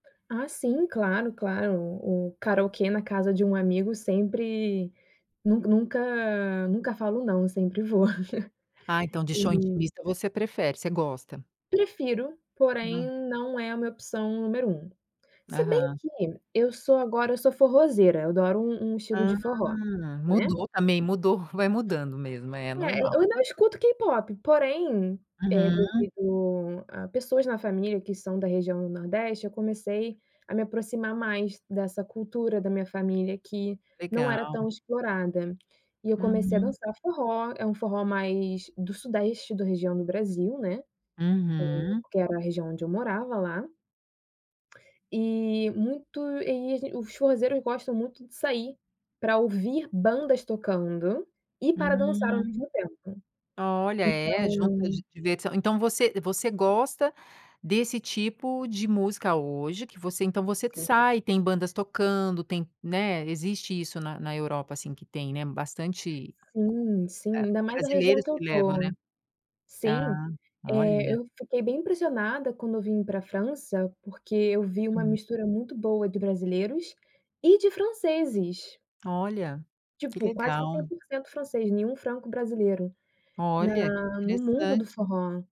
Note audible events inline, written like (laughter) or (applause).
Ah, sim, claro, claro, o karaokê na casa de um amigo sempre nunc nunca nunca falo não, sempre vou. Ah, (chuckles) então de show Uhum. intimista você prefere, você gosta? Prefiro, porém Não. não é a minha opção número 1. Se bem Aham. que, eu sou agora eu sou forrozeira, eu adoro um um estilo de Hum. forró, né. Mudou também, mudou, vai mudando mesmo, é É, eu normal. ainda eu escuto K-pop, porém, eh, Uhum. devido a pessoas na família que são da região do Nordeste, eu comecei a me aproximar mais dessa cultura da minha família que não era Legal. tão explorada. E eu comecei a Uhum. dançar forró, é um forró mais do sudeste, da região do Brasil, né. Eh, Uhum. que era a região onde eu morava lá. E muito e, assim, os forrozeiros gostam muito de sair, pra ouvir bandas tocando e para dançar ao Hum. mesmo tempo. Olha, é, junta Então di diversão. Então você você gosta desse tipo de música hoje, que você então você Sim. sai, tem bandas tocando tem né, existe isso na na Europa, assim, que tem, né, bastante, Sim, hã, sim, ainda mais na região brasileiros que eu que levam, né. estou. Ah, Sim, eh, olha. eu fiquei bem impressionada quando eu vim pra França, porque eu vi uma Hum. mistura muito boa de brasileiros e de franceses. Olha, que Tipo, quase que cem legal. por cento francês, nenhum franco-brasileiro, Olha, na no mundo do interessante. forró.